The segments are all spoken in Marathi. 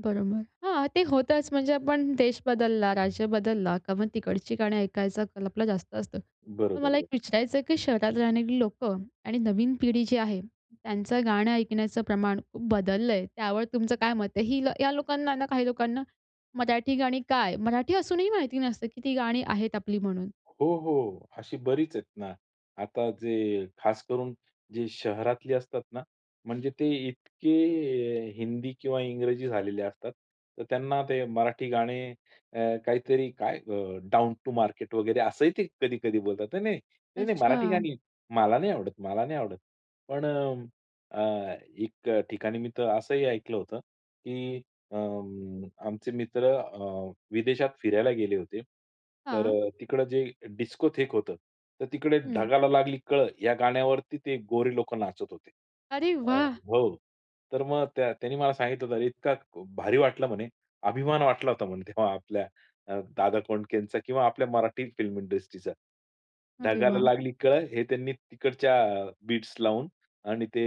बरोबर, हां. ते होतंच म्हणजे आपण देश बदलला, राज्य बदलला का मग तिकडची गाणी ऐकायचं कल आपला जास्त असतं. तर बरोबर, मला एक बर विचारायचं आहे, की शहरात राहणारी लोकं आणि नवीन पिढी जी आहे त्यांचं गाणं ऐकण्याचं प्रमाण खूप बदललंय, त्यावर तुमचं काय मत आहे? हील या लोकांनाना काही लोकांना, मराठी गाणी काय? मराठी असूनही माहिती नसतं, की ती गाणी आहेत आपली म्हणून. हो, हो. अशी बरीच आहेत ना, आता जे खास करून जे शहरातली असतात ना म्हणजे ते इतके अ, हिंदी किंवा इंग्रजी झालेले असतात. तर त्यांना ते मराठी गाणे अ, काहीतरी काय अ, डाउन टू मार्केट वगैरे असंही ते कधी-कधी बोलतात. नाही-नाही, नाही-नाही मराठी अच्छा. गाणी. मला नाही आवडत, मला नाही आवडत. पण अ, अ, एक ठिकाणी मी तर असंही ऐकलं होतं, की अं, आमचे मित्र अ, विदेशात फिरायला गेले होते तर हां. अ, तिकडे जे डिस्कोथेक होतं, तर तिकडे हं. ढगाला लागली कळ या गाण्यावरती ते गोरे लोक नाचत होते. अरे अ वाह! हो. तर मग त्या त्यांनी मला सांगितलं होत इतका भारी वाटला म्हणे, अभिमान वाटला होता म्हणे तेव्हा आपल्या अ, दादा कोंडकेचा किंवा आपल्या मराठी फिल्म इंडस्ट्रीचं. अरे ढगाला वाह! लागली कळ हे त्यांनी तिकडच्या अ, बीट्स लावून आणि ते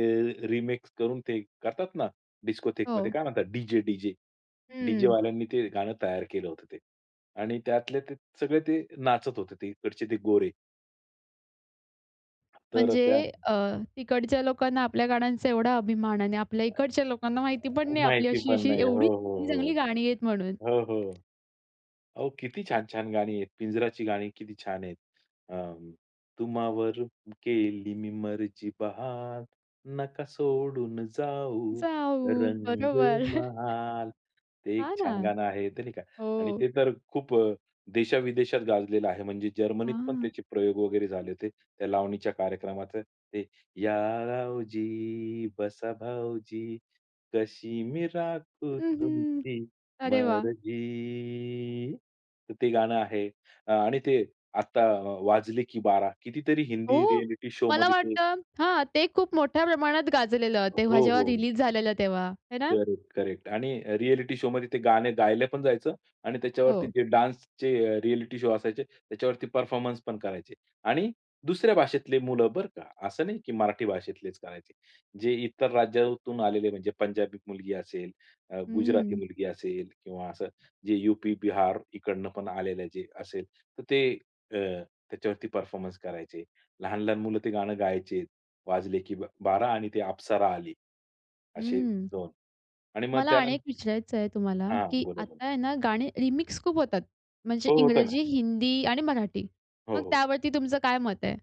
रिमिक्स करून ते करतात ना डिस्कोथेकमध्ये हो. काय म्हणतात डी-जे, डी-जे. डीजे हं. वाल्यांनी ते गाणं तयार केलं होतं ते आणि त्यातले ते सगळे ते नाचत होते तिकडचे ते गोरे. तर त्या म्हणजे अ, तिकडच्या लोकांना आपल्या गाण्यांचा एवढा अभिमान आहे आणि आपल्या अ, इकडच्या लोकांना माहिती पण अ, नाही आपली माहिती पण अशी-अशी नाही. एवढी हो, हो, चांगली-चांगली हो. गाणी आहेत म्हणून. हो, हो. अहो किती छान छान गाणी आहेत. पिंजराची गाणी किती छान आहेत. अ, तुम्हावर केली मी मर्जी बहाल, नका सोडून जाऊ जाऊ बरोबर. रंगमहाल. ते एक हां ना, छान गाणं आहे, ते नाही का आणि हो. ते तर खूप अ, देशा विदेशात गाजलेलं आहे. म्हणजे जर्मनीत पण हां. त्याचे प्रयोग वगैरे झाले होते. त्या लावणीच्या कार्यक्रमात ते, या रावजी बसा भाऊजी, कशी मी राखू हं, हं. तुमची अरे वाह! मर्जी. तर ते गाणं आहे. आणि ते आता अ, वाजले, की बारा कितीतरी हिंदी हो, रिएलिटी मला शोमध्ये ते वाटतं हां, ते खूप मोठ्या प्रमाणात गाजलेलं a हो, तेव्हा, जेव्हा हो, हो. रिलीज झालेलं तेव्हा, आहे ना? करेक्ट, करेक्ट आणि रिएलिटी शोमध्ये ते गाणं गायला पण जायचं आणि त्याच्यावरती हो. जे डान्सचे रिएलिटी शो असायचे त्याच्यावरती परफॉर्मन्स पण करायचे आणि दुसऱ्या भाषेतले मुलं बरं का. असं नाही, की मराठी भाषेतलेच करायचे. जे इतर राज्यातून आलेले म्हणजे पंजाबी मुलगी असेल, अ, गुजराती हं. मुलगी असेल किंवा असं जे यू-पी, बिहार इकडनं पण आलेले जे असेल. तर ते अ, त्याच्यावरती परफॉर्मन्स करायचे. लहान-लहान मुलं ते गाणं गायचे, वाजले की बारा आणि ते अप्सरा आली. असे हं, 2 आणि मग मला आणि एक त्यानंतर विचारायचंय तुम्हाला, हां, की बोला, बोला. आता आहे ना गाणी रिमिक्स खूप होतात. म्हणजे हो, होतं ना. इंग्रजी, हिंदी आणि मराठी. हो, मग हो. त्यावरती तुमचं काय मत आहे?